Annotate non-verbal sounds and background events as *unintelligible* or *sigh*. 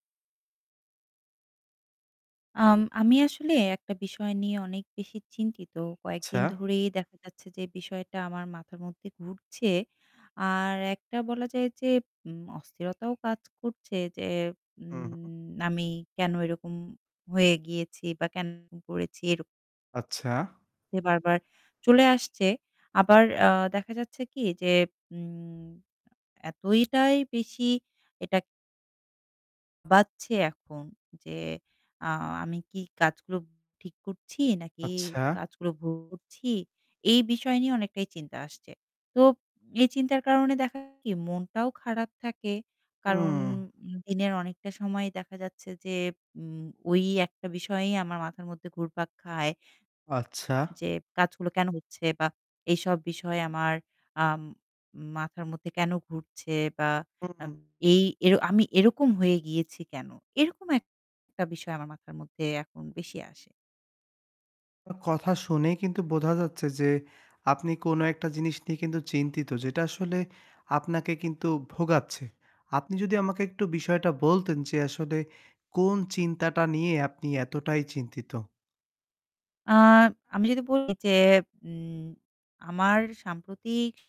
আম আমি আসলে একটা বিষয় নিয়ে অনেক বেশি চিন্তিত। আচ্ছা। কয়েকদিন ধরেই দেখা যাচ্ছে যে বিষয়টা আমার মাথার মধ্যে ঘুরছে। আর একটা বলা যায় যে উম অস্থিরতাও কাজ করছে যে, উহু। উম আমি কেন এরকম হয়ে গিয়েছি বা কেন এরকম করেছি। এর আচ্ছা। সে বারবার চলে আসছে। আবার আ দেখা যাচ্ছে কি যে উম এতই টাই বেশি এটা বাচ্ছে এখন যে আ আমি কি কাজগুলো ঠিক করছি নাকি আচ্ছা। কাজগুলো ভুল করছি। এই বিষয় নিয়ে অনেকটাই চিন্তা আসছে। তো এই চিন্তার কারণে দেখা কি মনটাও খারাপ থাকে। কারণ হুম। দিনের অনেকটা সময় দেখা যাচ্ছে যে উম ওই একটা বিষয়ই আমার মাথার মধ্যে ঘুরপাক খায়। আচ্ছা। যে কাজগুলো কেন হচ্ছে বা এইসব বিষয় আমার আম মাথার মধ্যে কেন ঘুরছে বা আম উম এই এও আমি এরকম হয়ে গিয়েছি কেন? এরকম একটা বিষয় আমার মাথার মধ্যে এখন বেশি আসে। *unintelligible* কথা শুনেই কিন্তু বোঝা যাচ্ছে যে, আপনি কোন একটা জিনিস নিয়ে কিন্তু চিন্তিত যেটা আসলে আপনাকে কিন্তু ভোগাচ্ছে। আপনি যদি আমাকে একটু বিষয়টা বলতেন যে, আসলে কোন চিন্তাটা নিয়ে আপনি এতটাই চিন্তিত? আ আমি যদি বলি যে উম আমার সাম্প্রতিক